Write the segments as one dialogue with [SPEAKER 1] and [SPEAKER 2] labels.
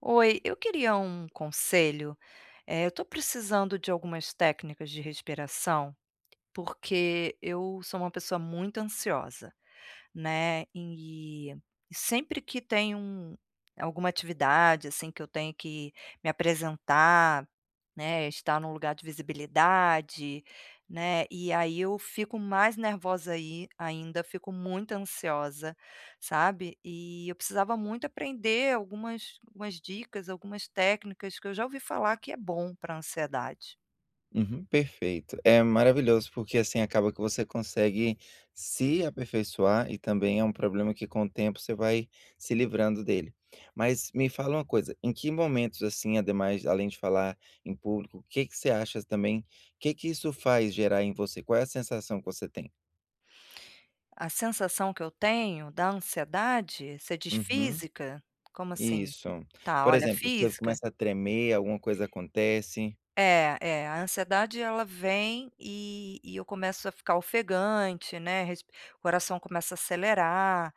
[SPEAKER 1] Oi, eu queria um conselho, eh, eu estou precisando de algumas técnicas de respiração, porque eu sou uma pessoa muito ansiosa, né, e e sempre que tem, hum, alguma atividade assim que eu tenho que me apresentar, né, estar em um lugar de visibilidade, né, e aí eu fico mais nervosa, aí ainda, fico muito ansiosa, sabe. E eu precisava muito aprender algumas algumas dicas, algumas técnicas que eu já ouvi falar que é bom para ansiedade.
[SPEAKER 2] Uhum, perfeito, é maravilhoso, porque, assim, acaba que você consegue se aperfeiçoar e também é um problema que, com o tempo, você vai se livrando dele. Mas me fala uma coisa, em que momentos, assim, ademais além de falar em público, que que você acha também, que que isso faz gerar em você, qual é a sensação que você tem?
[SPEAKER 1] A sensação que eu tenho da ansiedade, você diz
[SPEAKER 2] Uhum,
[SPEAKER 1] física? Como assim?
[SPEAKER 2] isso,
[SPEAKER 1] Tá,
[SPEAKER 2] por
[SPEAKER 1] olha,
[SPEAKER 2] exemplo, você
[SPEAKER 1] física
[SPEAKER 2] começa a tremer, alguma coisa acontece?
[SPEAKER 1] É é a ansiedade, ela vem e e eu começo a ficar ofegante, né, resp coração começa a acelerar,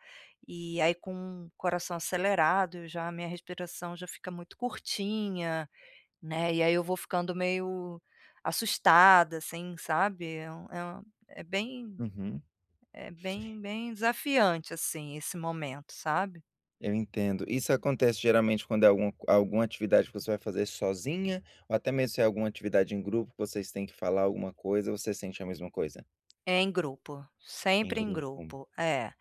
[SPEAKER 1] e aí, com o coração acelerado, eu já a minha respiração já fica muito curtinha, né, e aí eu vou ficando meio assustada, assim, sabe. É um é um, é bem
[SPEAKER 2] Uhum.
[SPEAKER 1] é bem bem desafiante, assim, esse momento, sabe.
[SPEAKER 2] Eu entendo. Isso acontece, geralmente, quando é algum alguma atividade que você vai fazer sozinha, ou até mesmo se é alguma atividade em grupo, vocês têm que falar alguma coisa? Você sente a mesma coisa?
[SPEAKER 1] Em grupo,
[SPEAKER 2] Em
[SPEAKER 1] sempre em
[SPEAKER 2] grupo.
[SPEAKER 1] grupo, é.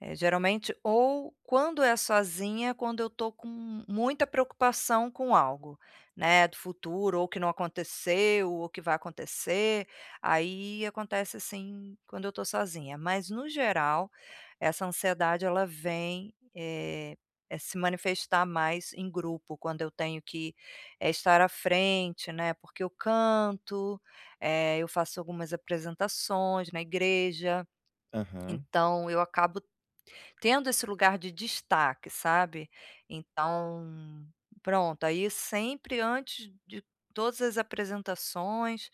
[SPEAKER 1] É, geralmente Ou, quando é sozinha, quando eu tô com muita preocupação com algo, né, do futuro, ou que não aconteceu, ou que vai acontecer, aí acontece assim quando eu estou sozinha. Mas, no geral, essa ansiedade, ela vem, eh, se manifestar mais em grupo, quando eu tenho que, eh, estar à frente, né, porque eu canto, eh, eu faço algumas apresentações na igreja.
[SPEAKER 2] Aham.
[SPEAKER 1] Então, eu acabo tendo esse lugar de destaque, sabe. Então, pronto, aí sempre antes de todas as apresentações,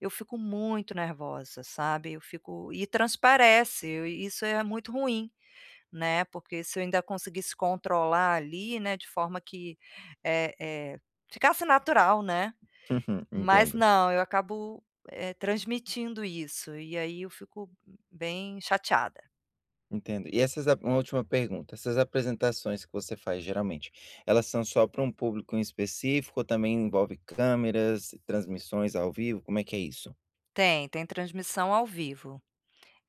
[SPEAKER 1] eu fico muito nervosa, sabe. Eu fico e transparece, isso é muito ruim, né, porque, se eu ainda conseguisse controlar ali, né, de forma que, eh eh, ficasse natural, né.
[SPEAKER 2] Uhum.
[SPEAKER 1] Mas
[SPEAKER 2] Entendo.
[SPEAKER 1] não, eu acabo transmitindo isso, e aí eu fico bem chateada.
[SPEAKER 2] Entendo. E essas uma última pergunta, essas apresentações que você faz geralmente, elas são só para um público em específico ou também envolve câmeras, transmissões ao vivo, como é que é isso?
[SPEAKER 1] Tem, tem transmissão ao vivo.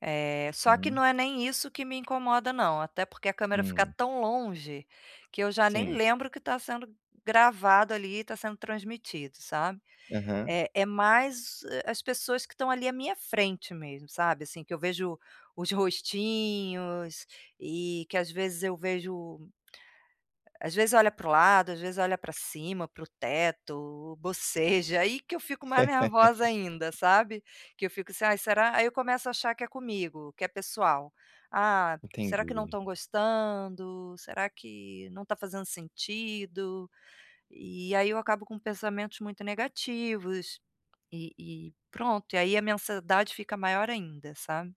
[SPEAKER 1] Eh, só que
[SPEAKER 2] Hum.
[SPEAKER 1] não é nem isso que me incomoda não, até porque a câmera fica
[SPEAKER 2] Hum.
[SPEAKER 1] tão longe, que eu já nem
[SPEAKER 2] Sim.
[SPEAKER 1] lembro o que tá sendo gravado ali e tá sendo transmitido, sabe.
[SPEAKER 2] Aham.
[SPEAKER 1] É, é mais, ah, as pessoas que estão ali à minha frente mesmo, sabe assim que eu vejo os rostinhos, e que às vezes eu vejo às vezes olha para o lado, às vezes olha para cima, para o teto, boceja aí que eu fico mais nervosa ainda, sabe. Que eu fico assim ai será? Aí eu começo a achar que é comigo, que é pessoal. Ah, será que não
[SPEAKER 2] Entendi.
[SPEAKER 1] estão gostando? Será que não está fazendo sentido. E aí eu acabo com pensamentos muito negativos, e-e pronto e aí a minha ansiedade fica maior ainda, sabe.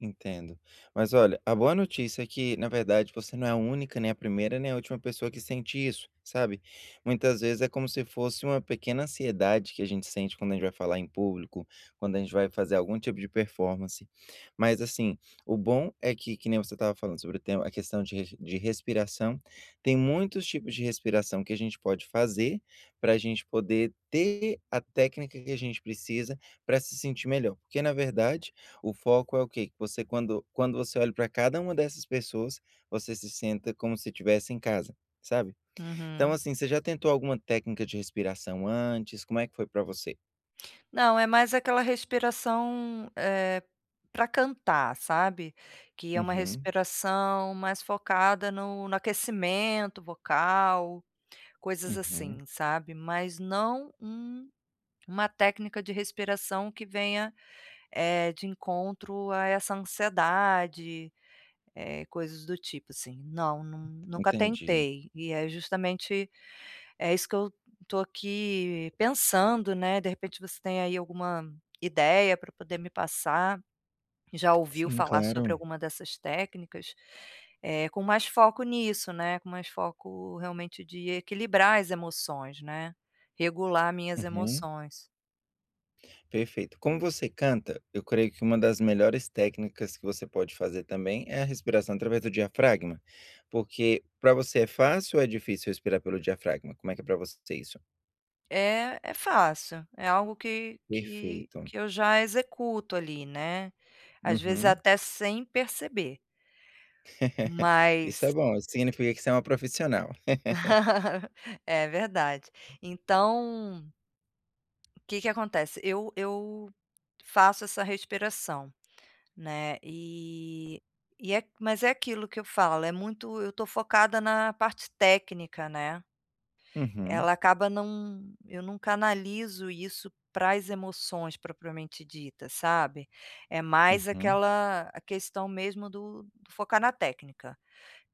[SPEAKER 2] Entendo. Mas olha, a boa notícia é que na verdade você não é a única nem a primeira nem a última pessoa que sente isso, sabe. Muitas vezes é como se fosse uma pequena ansiedade que a gente sente quando a gente vai falar em público, quando a gente vai fazer algum tipo de performance. Mas assim, o bom é que que nem você estava falando sobre o tema, a questão de de respi respiração, tem muitos tipos de respiração que a gente pode fazer, para gente poder ter a técnica que a gente precisa para se sentir melhor porque na verdade o foco é o quê. Que você quando quando você olha para cada uma dessas pessoas, você se senta como se estivesse em casa, sabe. Então,
[SPEAKER 1] Uhum.
[SPEAKER 2] assim, você já tentou alguma técnica de respiração antes, como é que foi para você?
[SPEAKER 1] Não, é mais aquela respiração, eh, pra cantar, sabe, que é uma
[SPEAKER 2] Uhum.
[SPEAKER 1] respiração mais focada no no aquecimento vocal, coisas
[SPEAKER 2] Uhum.
[SPEAKER 1] assim, sabe. Mas não um uma técnica de respiração que venha, eh, de encontro a essa ansiedade, eh, coisas do tipo assim. Não, nu nunca
[SPEAKER 2] Entendi.
[SPEAKER 1] tentei. E é justamente é isso que eu tô aqui pensando, né, de repente você tem aí alguma ideia pra poder me passar, já ouviu
[SPEAKER 2] Sim,
[SPEAKER 1] falar sobre
[SPEAKER 2] claro.
[SPEAKER 1] alguma dessas técnicas, eh, com mais foco nisso, né, com mais foco realmente de equilibrar as emoções, né, regular minhas
[SPEAKER 2] Uhum.
[SPEAKER 1] emoções.
[SPEAKER 2] Perfeito. Como você canta, eu creio que uma das melhores técnicas que você pode fazer também é a respiração através do diafragma. Porque pra você é fácil ou é difícil respirar pelo diafragma? Como é que é pra você isso?
[SPEAKER 1] Eh, é fácil, é algo que que
[SPEAKER 2] Perfeito.
[SPEAKER 1] que eu já executo ali, né, às vezes
[SPEAKER 2] Uhum.
[SPEAKER 1] até sem perceber.
[SPEAKER 2] Isso é
[SPEAKER 1] Mas
[SPEAKER 2] bom, isso significa que você é uma profissional.
[SPEAKER 1] É verdade. Então o que que acontece? Eu eu faço essa respiração, né, e e é mas é aquilo que eu falo, é muito eu tô focada na parte técnica, né.
[SPEAKER 2] Uhum.
[SPEAKER 1] Ela acaba não eu não canalizo isso para as emoções propriamente dita, sabe, é mais
[SPEAKER 2] Uhum.
[SPEAKER 1] aquela a questão mesmo do do focar na técnica.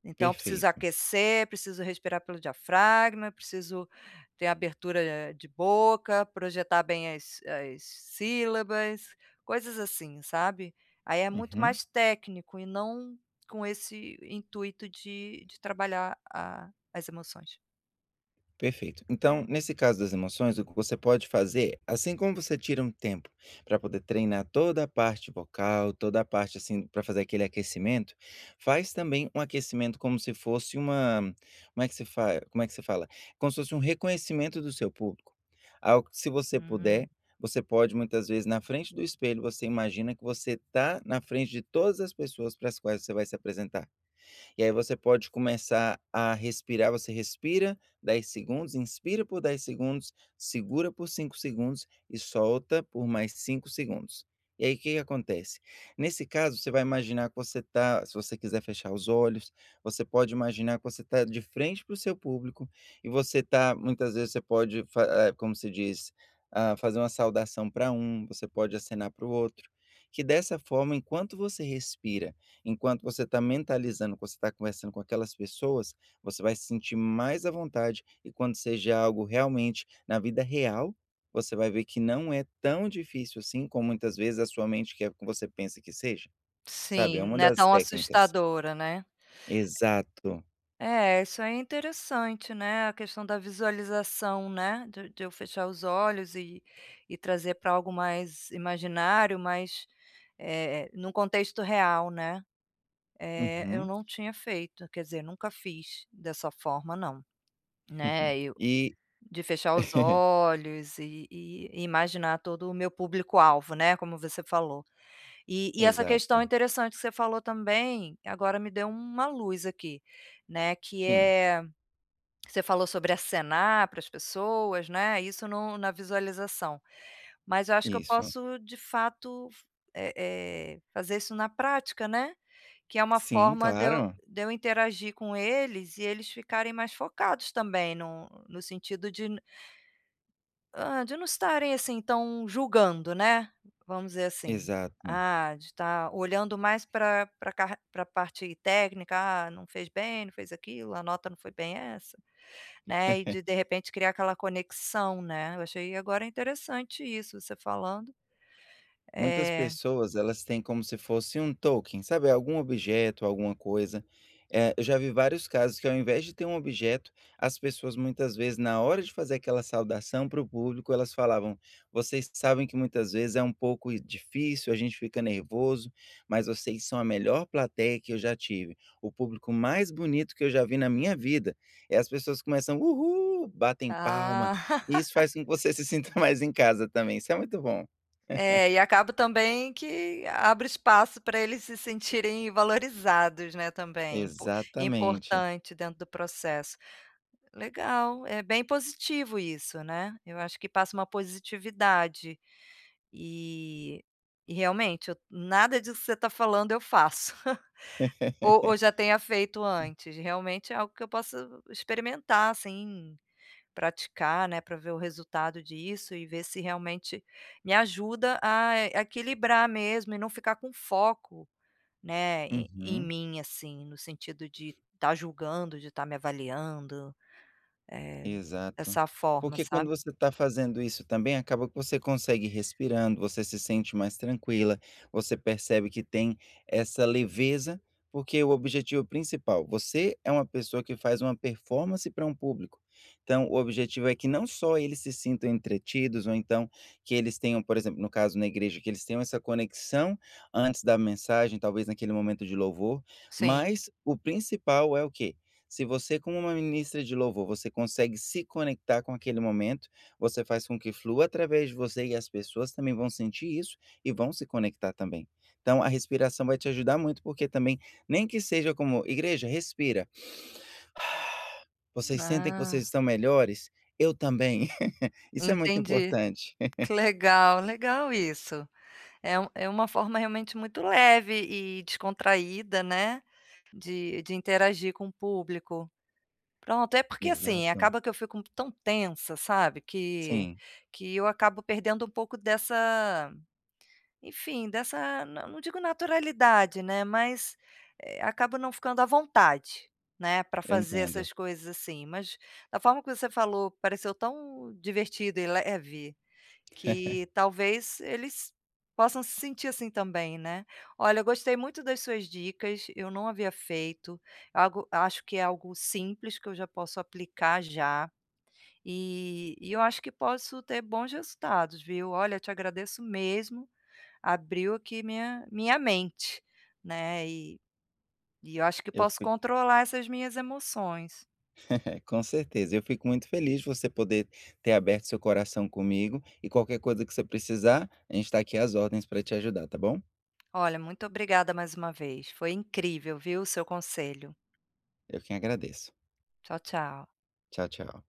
[SPEAKER 1] Então eu preciso
[SPEAKER 2] Perfeito.
[SPEAKER 1] aquecer, preciso respirar pelo diafragma, preciso ter abertura a a de boca, projetar bem as as sílabas, coisas assim, sabe. Aí é muito
[SPEAKER 2] Uhum.
[SPEAKER 1] mais técnico e não com esse intuito de de trabalhar a as emoções.
[SPEAKER 2] Perfeito, então nesse caso das emoções o que você pode fazer, assim como você tira um tempo para poder treinar toda a parte bocal, toda a parte assim para fazer aquele aquecimento, faz também um aquecimento como se fosse uma, como é que se fa como é que se fala, como se fosse um reconhecimento do seu público. Algo que se você
[SPEAKER 1] Hum.
[SPEAKER 2] puder, você pode muitas vezes na frente do espelho você imagina que você está na frente de todas as pessoas para as quais você vai se apresentar. E aí você pode começar a respirar, você respira 10 segundos, inspira por 10 segundos, segura por 5 segundos e solta por mais 5 segundos. E aí que que acontece, nesse caso você vai imaginar que você tá se você quiser fechar os olhos, você pode imaginar que você tá de frente para o seu público, e você tá muitas vezes você pode fa como se diz, ah, fazer uma saudação para um, você pode acenar para o outro, que dessa forma enquanto você respira, enquanto você tá mentalizando, você está conversando com aquelas pessoas, você vai se sentir mais à vontade e quando seja algo realmente na vida real, você vai ver que não é tão difícil assim como muitas vezes a sua mente quer que você pensa que seja, sabe, é
[SPEAKER 1] Sim,
[SPEAKER 2] uma
[SPEAKER 1] não é
[SPEAKER 2] das
[SPEAKER 1] tão
[SPEAKER 2] técnicas.
[SPEAKER 1] assustadora, né.
[SPEAKER 2] Exato.
[SPEAKER 1] É, isso é interessante, né, a questão da visualização né, de de eu fechar os olhos e e trazer para algo mais imaginário, mas, eh, num contexto real, né, eh, eu
[SPEAKER 2] Uhum.
[SPEAKER 1] não tinha feito, quer dizer nunca fiz dessa forma não, né, eu,
[SPEAKER 2] E.
[SPEAKER 1] de fechar os olhos e e imaginar todo o meu público-alvo né como você falou. E e essa questão
[SPEAKER 2] Exato.
[SPEAKER 1] interessante que você falou também, agora me deu uma luz aqui, né, que
[SPEAKER 2] Sim.
[SPEAKER 1] é, você falou sobre acenar para as pessoas, né, isso no na visualização. Mas eu acho que eu
[SPEAKER 2] Isso.
[SPEAKER 1] posso de fato f eh eh fazer isso na prática, né, que é uma
[SPEAKER 2] Sim,
[SPEAKER 1] forma de eu,
[SPEAKER 2] claro.
[SPEAKER 1] de eu interagir com eles e eles ficarem mais focados também no no sentido de hã, de não estarem assim tão julgando, né, vamos dizer assim.
[SPEAKER 2] Exato.
[SPEAKER 1] Ah, de estar olhando mais pra pra carr pra parte técnica, ah não fez bem, não fez aquilo, a nota não foi bem essa, né, e de de repente criar aquela conexão né, eu achei agora interessante isso você falando,
[SPEAKER 2] Muitas
[SPEAKER 1] eh.
[SPEAKER 2] pessoas elas têm como se fosse um token, sabe algum objeto, alguma coisa, eh, eu já vi vários casos que ao invés de ter um objeto, as pessoas muitas vezes na hora de fazer aquela saudação para o público elas falavam: "Vocês sabem que muitas vezes é um pouco difícil, a gente fica nervoso, mas vocês são a melhor plateia que eu já tive, o público mais bonito que eu já vi na minha vida", é as pessoas começam, uhu, batem palma,
[SPEAKER 1] Ah.
[SPEAKER 2] e isso faz com que você se sinta mais em casa também, isso é muito bom.
[SPEAKER 1] É, e acabo também que abre espaço para eles se sentirem valorizados, né, também, impo
[SPEAKER 2] Exatamente.
[SPEAKER 1] importante dentro do processo. Legal, é bem positivo isso né, eu acho que passa uma positividade. E e realmente eu, nada disso que você está falando eu faço, ou ou já tenha feito antes, realmente é algo que eu posso experimentar assim, praticar, né, para ver o resultado disso e ver se realmente me ajuda a equilibrar mesmo e não ficar com foco, né, e em
[SPEAKER 2] Uhum.
[SPEAKER 1] mim assim no sentido de estar julgando, de estar me avaliando, eh,
[SPEAKER 2] Exato,
[SPEAKER 1] dessa forma,
[SPEAKER 2] porque quando
[SPEAKER 1] sabe.
[SPEAKER 2] você está fazendo isso também acaba que você consegue respirando, você se sente mais tranquila, você percebe que tem essa leveza, porque o objetivo principal, você é uma pessoa que faz uma performance para um público. Então o objetivo é que não só eles se sintam entretidos ou então que eles tenham, por exemplo, no caso na igreja que eles tenham essa conexão antes da mensagem talvez naquele momento de louvor,
[SPEAKER 1] Sim.
[SPEAKER 2] mas o principal é o quê, se você como uma ministra de louvor você consegue se conectar com aquele momento, você faz com que flua através de você, e as pessoas também vão sentir isso e vão se conectar também. Então a respiração vai te ajudar muito porque também, nem que seja como igreja respira. Vocês sentem que
[SPEAKER 1] Ah.
[SPEAKER 2] vocês estão melhores, eu também, isso é muito
[SPEAKER 1] Entendi,
[SPEAKER 2] importante.
[SPEAKER 1] que legal, legal isso, é um é uma forma realmente muito leve e descontraída né, de de interagir com o público. Pronto é porque assim
[SPEAKER 2] Exato.
[SPEAKER 1] acaba que eu fico tão tensa sabe que
[SPEAKER 2] Sim.
[SPEAKER 1] que eu acabo perdendo um pouco dessa, enfim dessa, não digo naturalidade né mas, eh, acabo não ficando à vontade, né para
[SPEAKER 2] Eu
[SPEAKER 1] fazer
[SPEAKER 2] entendo.
[SPEAKER 1] essas coisas assim mas, da forma que você falou pareceu tão divertida e leve, que talvez eles possam se sentir assim também, né. Olha eu gostei muito das suas dicas, eu não havia feito, algo acho que é algo simples que eu já posso aplicar já, e e eu acho que posso ter bons resultados viu, olha eu te agradeço mesmo, abriu aqui minha minha mente, né e e eu acho que
[SPEAKER 2] Eu
[SPEAKER 1] posso
[SPEAKER 2] fico.
[SPEAKER 1] controlar essas minhas emoções.
[SPEAKER 2] Com certeza, eu fico muito feliz de você poder ter aberto seu coração comigo, e qualquer coisa que você precisar, a gente tá aqui às ordens para te ajudar, tá bom.
[SPEAKER 1] Olha, muito obrigada mais uma vez, foi incrível viu o seu conselho.
[SPEAKER 2] Eu quem agradeço.
[SPEAKER 1] Tchau, tchau.
[SPEAKER 2] Tchau, tchau.